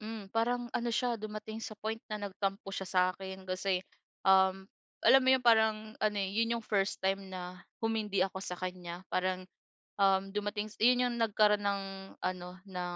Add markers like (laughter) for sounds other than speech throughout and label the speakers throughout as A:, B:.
A: Hmm, parang ano siya dumating sa point na nagtampo siya sa akin kasi, um, alam mo yun, parang ano, eh, yun yung first time na humindi ako sa kanya. Parang, um, dumating s yun yung nagkaroon ng ano, ng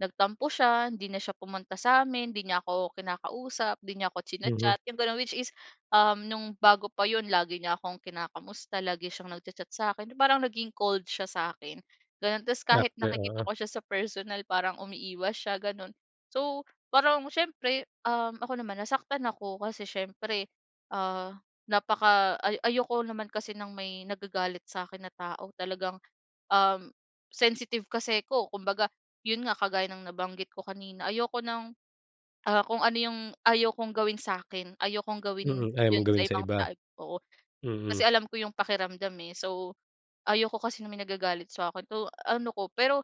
A: nagtampo siya, hindi na siya pumunta sa'min, di niya ako kinakausap, di niya ako
B: Mhm.
A: china-chat yung ganun. Which is, um, nung bago pa yun lagi niya akong kinakamusta, lagi siyang nag-cha-chat sa'kin, parang naging cold siya sa'kin, ganun. Tapos kahit
B: (unintelligible)
A: nakikita
B: oo.
A: ko siya sa personal parang umiiwas siya, ganun. So, parang siyempre, um, ako naman nasaktan ako kasi siyempre, ah, napaka ay ayoko naman kasi ng may nagagalit sa'kin na tao, talagang, um, sensitive kasi ako. Kumbaga yun nga, kagaya ng nabanggit ko kanina, ayoko ng, ah, kung ano yung ayokong gawin sa'kin, ayokong gawin
B: Mm, ayaw mong
A: yun sa
B: gawin sa
A: ibang
B: iba?
A: tao oo. Kasi
B: Mm.
A: alam ko yung pakiramdam, eh. So, ayaw ko kasi na may nagagalit sa akin. So, ano 'ko. Pero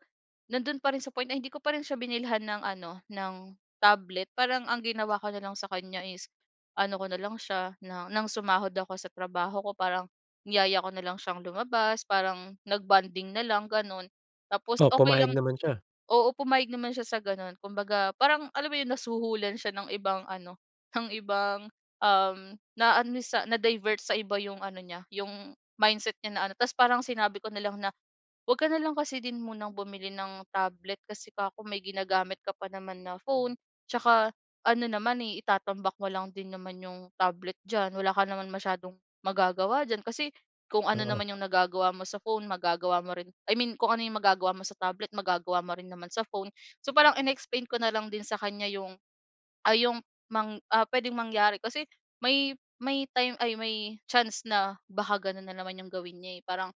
A: nandun pa rin sa point na hindi ko pa rin siya binilhan ng ano, ng tablet. Parang ang ginawa ko nalang sa kanya is ano ko nalang siya na ng sumahod ako sa trabaho ko parang niyaya ko na lang siyang lumabas, parang nag-bonding nalang gano'n. Tapos
B: Oh,
A: okey
B: pumayag
A: lang
B: naman siya?
A: oo, pumayag naman siya sa ganun. Kumbaga parang alam mo yung nasuhulan siya ng ibang ano, ng (scoffs) ibang, um, naano sa na-divert sa iba yung ano niya yung mindset niya na ano. Tapos parang sinabi ko nalang na, "'Wag ka nalang kasi din munang bumili ng tablet" kasi 'ka ko "may ginagamit ka pa naman na phone tsaka ano naman eh itatambak mo lang din naman yung tablet diyan, wala ka naman masyadong magagawa diyan, kasi kung ano
B: Oo.
A: naman yung nagagawa mo sa phone magagawa mo rin, I mean kung ano yung magagawa mo sa tablet magagawa mo rin naman sa phone." So, parang in-explain ko nalang din sa kanya yung ay yung mang ah, puwedeng mangyari. Kasi may may time ay, may chance na baka ganun nanaman yung gawin niya, eh. Parang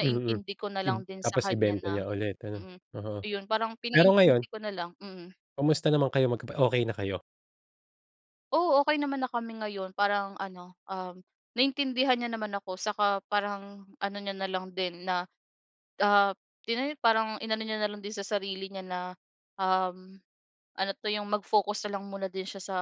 B: Mm,
A: ko
B: ib
A: nalang din sa
B: tapos
A: kanya
B: ibenta
A: na
B: niya ulit, ano,
A: mm,
B: oo.
A: ayun, parang
B: Pero
A: pinaintindi
B: ngayon?
A: ko nalang, mm.
B: Kamusta naman kayo magka okey na kayo?
A: Oo, okey naman na kami ngayon. Parang ano, um, naintindihan niya naman ako saka parang ano niya nalang din na, ah, tina parang inano niya na lang din sa sarili niya na, um, ano 'to yung mag-focus na lang muna din siya sa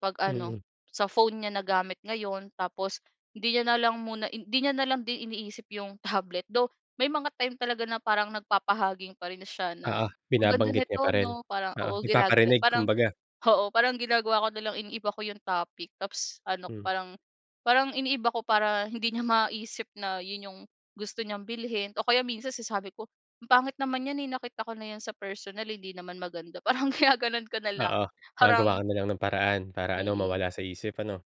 A: pag-ano
B: Mm.
A: sa phone niya na gamit ngayon. Tapos hindi niya nalang muna hindi niya nalang din iniisip yung tablet, (snorts) though may mga time talaga na parang nagpapahaging pa rin siya na,
B: Oo,
A: "Ang ganda
B: binabanggit niya pa
A: nito,
B: rin?
A: 'no?" parang,
B: Oo,
A: oo, ginagalaw,
B: nagpaparinig
A: parang,
B: kumbaga.
A: oo, (snorts) parang ginagawa ko nalang iniiba ko yung topic tapos ano,
B: Hmm.
A: parang parang iniiba ko para hindi niya maisip na yun yung gusto niyang bilhin o kaya minsan sinasabi ko, "Ang pangit naman yan, eh, nakita ko na yan sa personal. Hindi naman maganda," parang ginagano'n ko nalang
B: Oo,
A: parang
B: gumagawa ka nalang ng paraan para ano,
A: Mm.
B: mawala sa isip, ano?